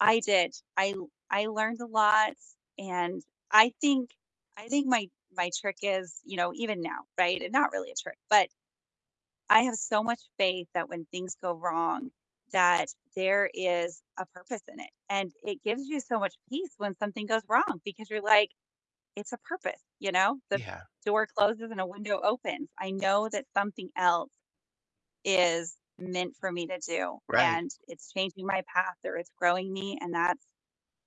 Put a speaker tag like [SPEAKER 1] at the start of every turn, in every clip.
[SPEAKER 1] I did, I l I learned a lot, and I think I think my my trick is, you know, even now, right? And not really a trick, but I have so much faith that when things go wrong, that there is a purpose in it, and it gives you so much peace when something goes wrong because you're like, "It's a purpose," you know? The
[SPEAKER 2] Yeah.
[SPEAKER 1] door closes and a window opens. I know that something else is meant for me to do,
[SPEAKER 2] Right.
[SPEAKER 1] and it's changing my path or it's growing me, and that's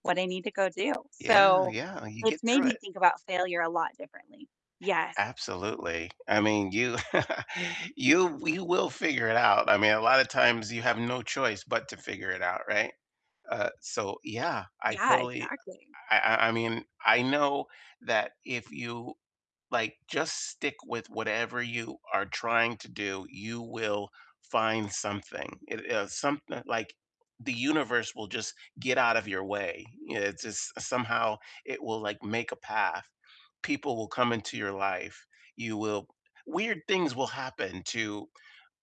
[SPEAKER 1] what I need to go do.
[SPEAKER 2] Yeah,
[SPEAKER 1] So
[SPEAKER 2] yeah, you get
[SPEAKER 1] it's made
[SPEAKER 2] through
[SPEAKER 1] me
[SPEAKER 2] it.
[SPEAKER 1] think about failure a lot differently. Yes.
[SPEAKER 2] Absolutely. I mean, you you you will figure it out. I mean, a lotta times you have no choice but to figure it out, right? Uh, so yeah, I
[SPEAKER 1] Yeah,
[SPEAKER 2] totally
[SPEAKER 1] exactly.
[SPEAKER 2] I I I mean, I know that if you, like, just stick with whatever you are trying to do, you will find something. It, uh, someth like the universe will just get out of your way. It just somehow it will, like, make a path. People will come into your life. You will weird things will happen to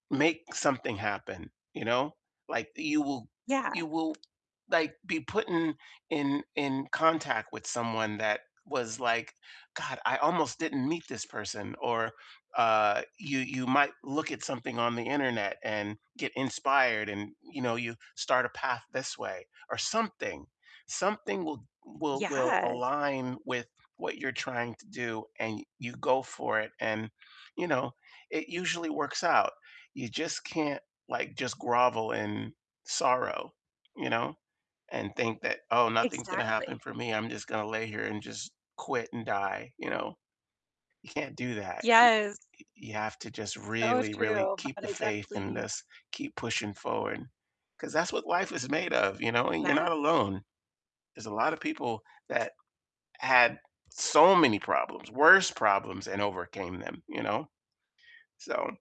[SPEAKER 2] make something happen, you know? Like, you will
[SPEAKER 1] Yeah.
[SPEAKER 2] you will, like, be put in in in contact with someone that was like, "God, I almost didn't meet this person," or, uh, you you might look at something on the internet and get inspired and, you know, you start a path this way, or something. Something will will will
[SPEAKER 1] Yeah.
[SPEAKER 2] align with what you're trying to do, and y you go for it and, you know, it usually works out. You just can't, like, just grovel in sorrow, you know, and think that, "Oh, nothing's gonna happen
[SPEAKER 1] Exactly.
[SPEAKER 2] for me, I'm just gonna lay here and just quit and die," you know? You can't do that. Y
[SPEAKER 1] Yes.
[SPEAKER 2] you have to just
[SPEAKER 1] So
[SPEAKER 2] really, really
[SPEAKER 1] true,
[SPEAKER 2] keep
[SPEAKER 1] but
[SPEAKER 2] the
[SPEAKER 1] I
[SPEAKER 2] faith in
[SPEAKER 1] definitely
[SPEAKER 2] this, keep pushing forward, 'cause that's what life is made of, you know? And you're
[SPEAKER 1] [unintelligible]
[SPEAKER 2] not alone. There's a lotta people that had so many problems, worse problems, and overcame them, you know? So